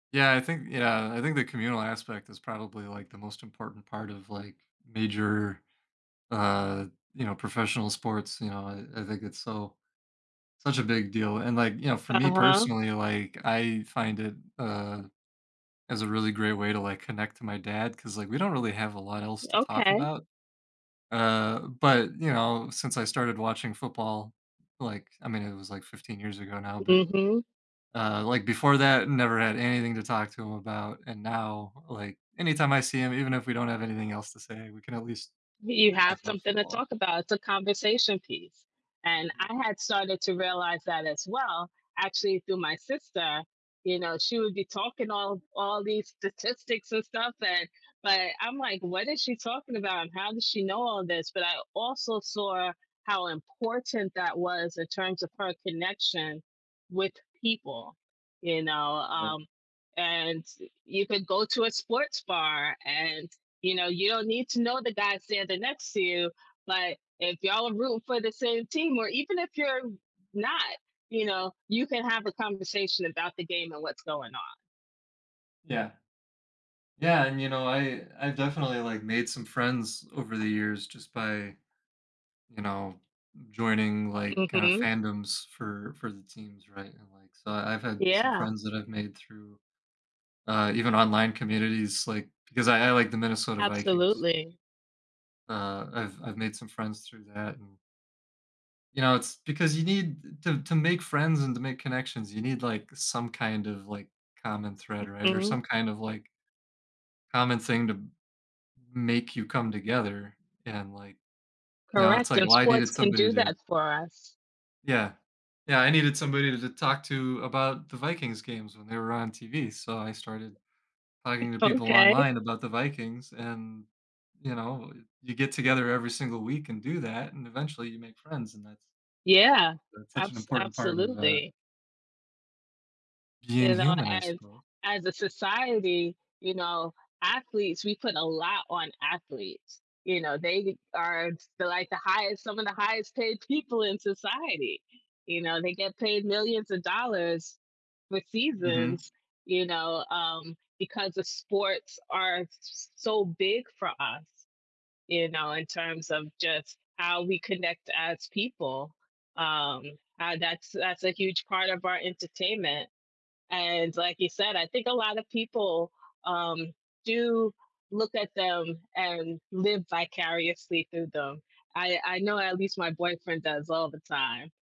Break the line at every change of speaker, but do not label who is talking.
Yeah, I think yeah, I think the communal aspect is probably, like, the most important part of, like, major, uh, you know, professional sports, you know, I I think it's so such a big deal, and, like, you know, for me
Uh-huh.
personally, like, I find it, uh, as a really great way to, like, connect to my dad, 'cause, like, we don't really have a lot else to talk
Okay.
about, uh, but, you know, since I started watching football, like I mean, it was, like, 15 years ago now, but,
Mhm.
uh, like before that, never had anything to talk to him about, and now, like, anytime I see him, even if we don't have anything else to say, we can at least
You
talk
have
about
something to
football.
talk about, it's a conversation piece, and
Mhm.
I had started to realize that as well, actually, through my sister, you know, she would be talking all all these statistics and stuff and but I'm, like, "What is she talking about? And how does she know all this?" But I also saw how important that was in terms of her connection with people, you know,
Yeah.
um, and you could go to a sports bar, and, you know, you don't need to know the guy standing next to you, but if y'all are rooting for the same team, or even if you're not, you know, you can have a conversation about the game and what's going on.
Yeah. Yeah, and, you know, I I definitely, like, made some friends over the years just by, you know, joining, like, kind of
Mhm.
fandoms for for the teams, right, and, like, so I've had some
Yeah.
friends that I've made through, uh, even online communities, like, because I I like the Minnesota Vikings.
Absolutely.
Uh, I've I've made some friends through that and you know, it's because you need to to make friends and to make connections, you need, like, some kind of, like, common thread, right, or
Mhm.
some kind of, like common thing to make you come together, and, like, you know, it's
Correct,
like,
and
well, I
sports
needed
can
somebody
do
to
that for us.
yeah. Yeah, I needed somebody to to talk to about the Vikings' games when they were on TV, so I started
Y
talking to people
okay.
online about the Vikings, and, you know, you get together every single week and do that, and eventually you make friends, and that's
Yeah.
that's such an
Abs
important part of, uh
absolutely.
being
You know,
human, I
as
suppose.
as a society, you know, athletes we put a lot on athletes, you know, they are, s like, the highest some of the highest paid people in society, you know, they get paid millions of dollars for
Mhm.
seasons, you know, um, because the sports are s s so big for us, you know, in terms of just how we connect as people, um, uh, that's that's a huge part of our entertainment, and like you said, I think a lot of people, um, do look at them and live vicariously through them, I I know at least my boyfriend does all the time.